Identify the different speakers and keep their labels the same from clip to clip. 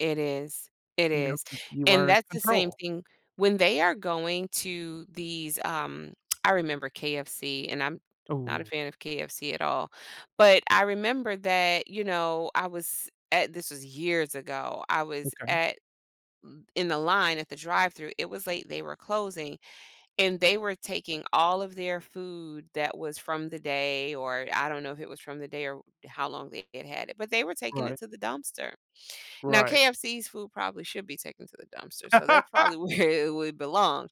Speaker 1: It is, it
Speaker 2: You know
Speaker 1: is,
Speaker 2: that you
Speaker 1: and
Speaker 2: are in
Speaker 1: that's the same
Speaker 2: control.
Speaker 1: thing when they are going to these, um, I remember KFC, and I'm not a
Speaker 2: Ooh.
Speaker 1: fan of KFC at all, but I remember that, you know, I was at this was years ago. I was
Speaker 2: Okay.
Speaker 1: at th in the line at the drive-thru, it was late, they were closing, and they were taking all of their food that was from the day, or I don't know if it was from the day or how long they had had it, but they were taking
Speaker 2: Right.
Speaker 1: it to the dumpster. Now
Speaker 2: Right.
Speaker 1: KFC's food probably should be taken to the dumpster, so that's probably where it would belong,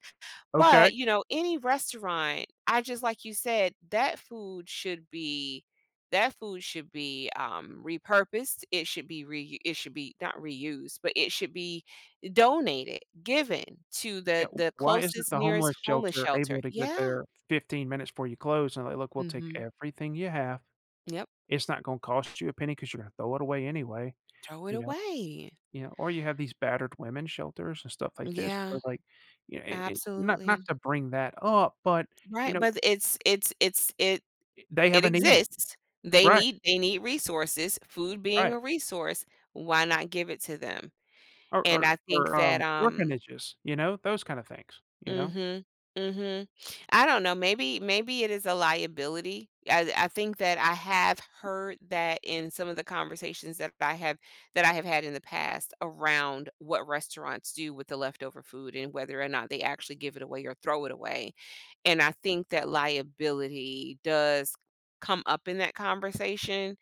Speaker 2: Okay.
Speaker 1: but, you know, any restaurant I just like you said, that food should be that food should be, um, repurposed. It should be reu it should be not reused, but it should be donated, given to
Speaker 2: Yeah,
Speaker 1: the
Speaker 2: w
Speaker 1: the
Speaker 2: why isn't
Speaker 1: closest,
Speaker 2: the
Speaker 1: nearest
Speaker 2: homeless
Speaker 1: homeless
Speaker 2: shelter
Speaker 1: shelter
Speaker 2: able to get
Speaker 1: yeah.
Speaker 2: there 15 minutes before you close and, like, "Look, we'll take
Speaker 1: Mhm.
Speaker 2: everything you have.
Speaker 1: Yep.
Speaker 2: It's not gon cost you a penny 'cause you're gonna throw it away anyway."
Speaker 1: Throw it
Speaker 2: You know
Speaker 1: away.
Speaker 2: you know, or you have these battered women's shelters and stuff like this to
Speaker 1: Yeah.
Speaker 2: where, like, you a and not not
Speaker 1: Absolutely.
Speaker 2: to bring that up, but, you
Speaker 1: Right,
Speaker 2: know
Speaker 1: but th it's it's it's it
Speaker 2: i they have
Speaker 1: it
Speaker 2: a need.
Speaker 1: exists. They
Speaker 2: Right.
Speaker 1: need they need resources, food being
Speaker 2: Right.
Speaker 1: a resource, why not give it to them?
Speaker 2: Or
Speaker 1: And,
Speaker 2: or
Speaker 1: I think
Speaker 2: or,
Speaker 1: that,
Speaker 2: um,
Speaker 1: um
Speaker 2: orphanages, you know, those kinda things, you know?
Speaker 1: Mhm. Mhm. I don't know, maybe maybe it is a liability. I I think that I have heard that in some of the conversations that I've have that I have had in the past, around what restaurants do with the leftover food and whether or not they actually give it away or throw it away, and I think that liability does come up in that conversation,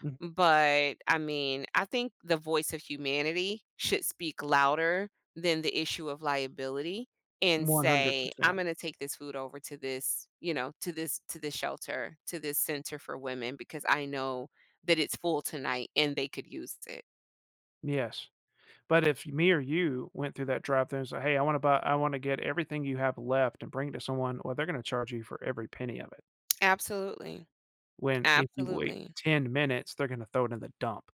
Speaker 2: Mhm.
Speaker 1: but, I mean, I think the voice of humanity should speak louder than the issue of liability and
Speaker 2: one hundred
Speaker 1: say, "Im
Speaker 2: percent.
Speaker 1: gonna take this food over to this, you know, to this to this shelter, to this center for women because I know that it's full tonight and they could use it."
Speaker 2: Yes. But, if me or you went through that drive-thru and say, "Hey, I wanna buy I wanna get everything you have left and bring it to someone," well, they're gonna charge you for every penny of it.
Speaker 1: Absolutely.
Speaker 2: When if you wait
Speaker 1: Absolutely.
Speaker 2: 10 minutes, they're gonna throw it in the dump.